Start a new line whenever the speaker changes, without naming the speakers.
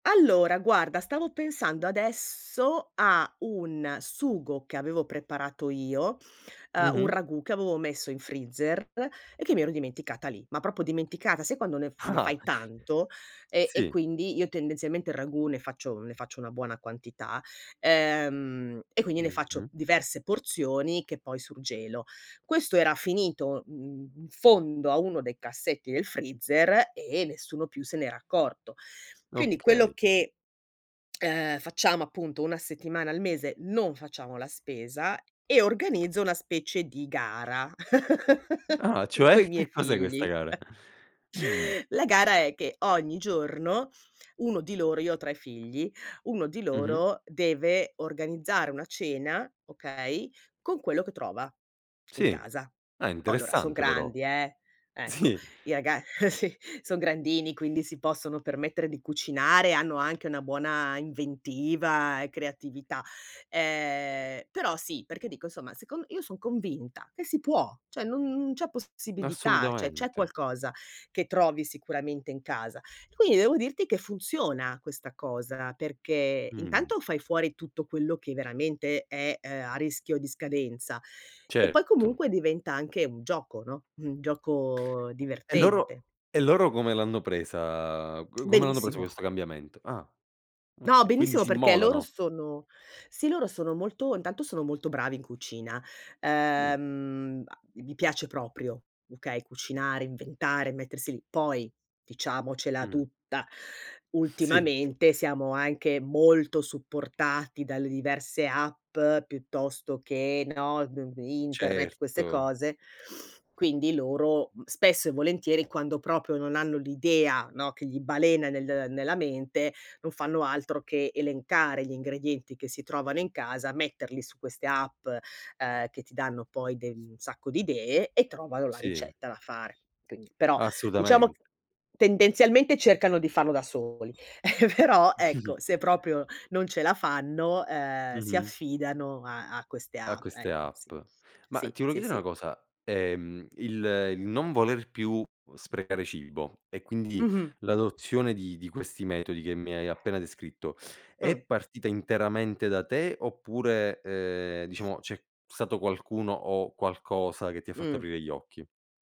Allora, guarda stavo pensando adesso a un sugo, che avevo preparato io, uhm, un
Mh-mh.
ragù che avevo messo in freezer e che mi ero dimenticata lì. Ma proprio dimenticata, sai quando ne f ne
Ah-ah.
fai tanto? E e
Sì.
quindi io tendenzialmente il ragù ne faccio ne faccio una buona quantità, ehm, e quindi ne faccio
Mh-mh.
diverse porzioni che poi surgelo. Questo era finito, mhmm, in fondo a uno dei cassetti del freezer e nessuno più se n'era accorto. Quindi quello
Okay.
che, uhm, facciamo appunto una settimana al mese non facciamo la spesa, e organizzo una specie di gara
Ah, cioè?
coi miei
Che cos'è questa
figli.
gara? Mh.
La gara è che ogni giorno, uno di loro io ho 3 figli, uno di
Mh-mh.
loro, deve organizzare una cena, okay, con quello che trova in
Sì.
casa.
Ah,
Oh, allora son
interessante però.
grandi eh, ecco.
Sì.
I raga sì son grandini quindi si possono permettere di cucinare, hanno anche una buona inventiva e creatività. Ehm, però sì, perché dico insomma, secon io son convinta che si può, cioè non non c'è possibilità, cioè c'è
Assolutamente.
qualcosa che trovi sicuramente in casa. Quindi devo dirti che funziona questa cosa, perché
Mh.
intanto fai fuori tutto quello che veramente è, uhm, a rischio di scadenza e poi
Certo.
comunque diventa anche un gioco, no, un gioco
E loro
divertente.
e loro come l'hanno presa come l'hanno preso
Benissimo.
questo cambiamento? Ah
No,
okay, quindi
benissimo
si
perché loro
immolano.
sono sì, loro sono molto intanto sono molto bravi in cucina.
Mh.
Ehm, gli piace proprio, okay, cucinare, inventare, mettersi lì. Poi, diciamocela
Mh.
tutta,
Sì.
ultimamente siamo anche molto supportati dalle diverse app, piuttosto che, no, d n internet, queste
Certo.
cose. Quindi loro spesso e volentieri quando proprio non hanno l'idea, no, che gli balena nel nella mente, non fanno altro che elencare gli ingredienti che si trovano in casa, metterli su queste app, uhm, che ti danno poi de un sacco di idee e trovano la
Sì.
ricetta da fare. Quindi, però diciamo,
Assolutament
tendenzialmente cercano di farlo da soli, però ecco se proprio non ce la fanno, ehm, si
Mh-mh.
affidano a queste
Ah,
app,
queste
ecco.
app.
Sì,
Ma
sì,
ti volevo
sì
chiedere una
sì.
cosa, ehm, il il non voler più sprecare cibo e quindi
Mh-mh.
l'adozione di di questi metodi che mi hai appena descritto, è
Mh.
partita interamente da te oppure, uhm, diciamo c'è stato qualcuno o qualcosa che ti ha fatto
Mh.
aprire gli occhi?